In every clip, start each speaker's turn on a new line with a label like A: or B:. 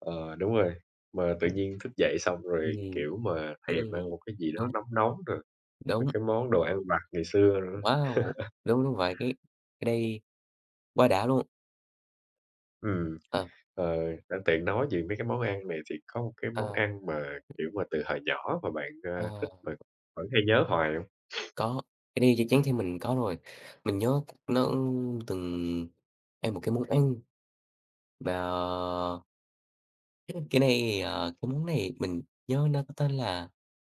A: Ờ, đúng rồi, mà tự nhiên thức dậy xong rồi,
B: Ừm,
A: kiểu, mà thèm
B: ừm,
A: ăn một cái gì đó
B: đúng.
A: nóng nóng rồi, mấy
B: Đúng.
A: cái món đồ ăn vặt ngày xưa nữa.
B: Wow! Đúng, đúng vậy, cái cái đây quá đã luôn!
A: Ừm,
B: À.
A: ờ, đang tiện nói về mấy cái món ăn này thì có một cái món
B: À.
A: ăn mà, kiểu mà, từ hồi nhỏ mà bạn, à,
B: À!
A: thích và vẫn hay nhớ hoài hông?
B: Có, cái này chắc chắn thì mình có rồi, mình nhớ nó, ưm, từng ăn một cái món ăn, và [unintelligible] Cái này, ờ, cái món này mình nhớ nó có tên là,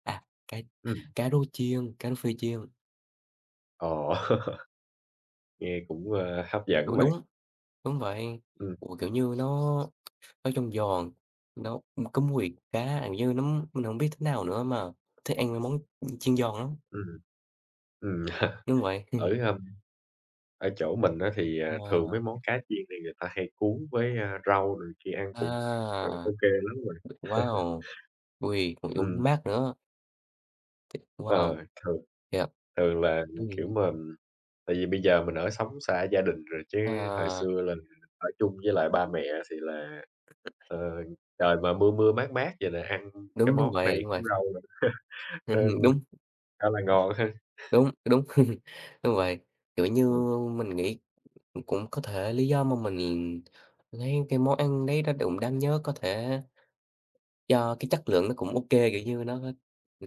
B: à, cá
A: Ừm.
B: cá rô chiên, cá rô phi chiên.
A: Ồ! Nghe cũng, ờ, hấp dẫn á
B: Đúng
A: bạn.
B: đúng, đúng vậy,
A: Ừm.
B: ồ, kiểu như, nó nói chung giòn, nó có mùi cá, ăn với nấm, mình hông biết thế nào nữa, mà thích ăn mấy món, ưm, chiên giòn lắm.
A: Ừm, ừm. Ừm.
B: Đúng vậy.
A: Ở, hưm ở chỗ mình á thì, à, thường
B: Wow!
A: mấy món cá chiên thì người ta hay cuốn với, a, rau này kia ăn cũng, ờ, ô
B: À,
A: kê lắm á bạn.
B: wow! Ôi, [unintelligible]
A: Ừm.
B: mát nữa. Wow!
A: Ờ, thường
B: Thiệt.
A: thường là, kiểu
B: Ừm.
A: mà tại vì bây giờ mình ở sống xa gia đình rồi, chứ hồi
B: À.
A: xưa là ở chung với lại ba mẹ thì là, ờ, trời mà mưa mưa mát mát vậy là ăn cái
B: Đúng, đúng
A: món
B: vậy,
A: này
B: đúng vậy.
A: cuốn rau nữa,
B: Ừm,
A: nên
B: đúng.
A: khá là ngon ha!
B: Đúng, cái đúng. Đúng vậy, kiểu như, mình nghĩ cũng có thể lý do mà mình lấy cái món ăn đấy nó đụng đáng nhớ có thể do cái chất lượng nó cũng ô kê, kiểu như, nó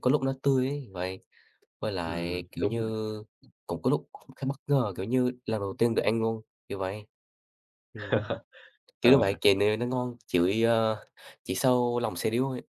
B: có lúc nó tươi ấy, vậy. Với lại,
A: Ừm,
B: kiểu
A: đúng rồi.
B: như, cũng có lúc khá bất ngờ, kiểu như, lần đầu tiên được ăn ngon, kiểu vậy. Ừm, kiểu như vậy,
A: Ờ.
B: kìa nè nó ngon, chỉ, ờ, chỉ sau lòng xe điếu thôi.